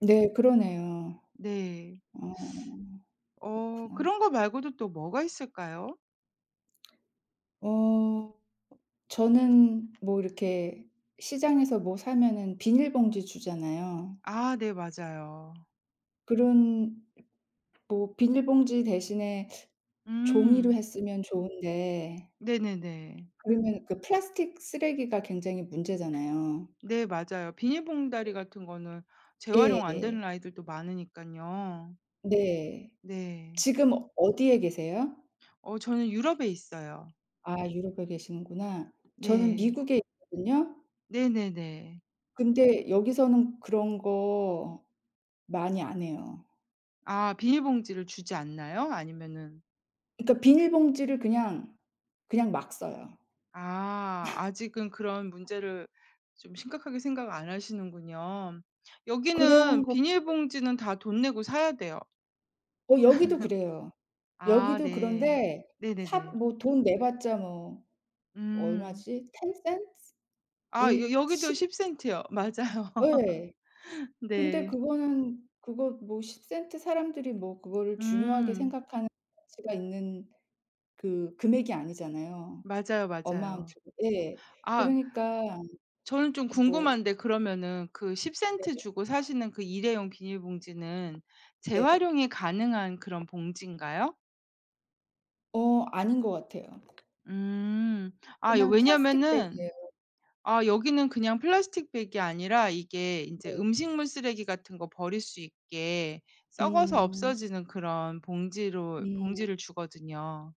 네, 그러네요. 네. 어, 어, 그렇구나. 그런 거 말고도 또 뭐가 있을까요? 어. 저는 뭐 이렇게 시장에서 뭐 사면은 비닐봉지 주잖아요. 아 네, 맞아요. 그런 뭐 비닐봉지 대신에 종이로 음. 했으면 좋은데. 네네네. 그러면 그 플라스틱 쓰레기가 굉장히 문제잖아요. 네, 맞아요. 비닐봉다리 같은 거는 재활용 안 되는 예예. 아이들도 많으니깐요. 네. 네. 지금 어디에 계세요? 어, 저는 유럽에 있어요. 아 유럽에 계시는구나. 저는 네. 미국에 있거든요. 네네네. 근데 여기서는 그런 거 많이 안 해요. 아 비닐봉지를 주지 않나요? 아니면은 그니까 비닐봉지를 그냥, 그냥 막 써요. 아, 아직은 그런 문제를 좀 심각하게 생각 안 하시는군요. 그런 여기는 것도 비닐봉지는 다 돈 내고 사야 돼요. 어 여기도 그래요. 아 여기도 네. 그런데 사 네네네. 뭐 돈 내봤자 뭐 음. 얼마지? 10 센트? 아, 여 1 여기도 ,10 10 센트요. 맞아요. 예. 근데 네. 그거는 그거 뭐 10 센트 사람들이 뭐 그거를 중요하게 음. 생각하는 수가 있는 그 금액이 아니잖아요. 맞아요, 맞아요. 어마운트 예. 아 그러니까 저는 좀 뭐 궁금한데 그러면은 그 10 센트 네. 주고 사시는 그 일회용 비닐봉지는 네. 재활용이 가능한 그런 봉지인가요? 어 아닌 것 같아요. 음. 아 그냥 플라스틱 왜냐하면은 백이에요. 아 여기는 그냥 플라스틱 백이 아니라 이게 인제 네. 음식물 쓰레기 같은 거 버릴 수 있게 썩어서 음. 없어지는 그런 봉지로 음. 봉지를 주거든요.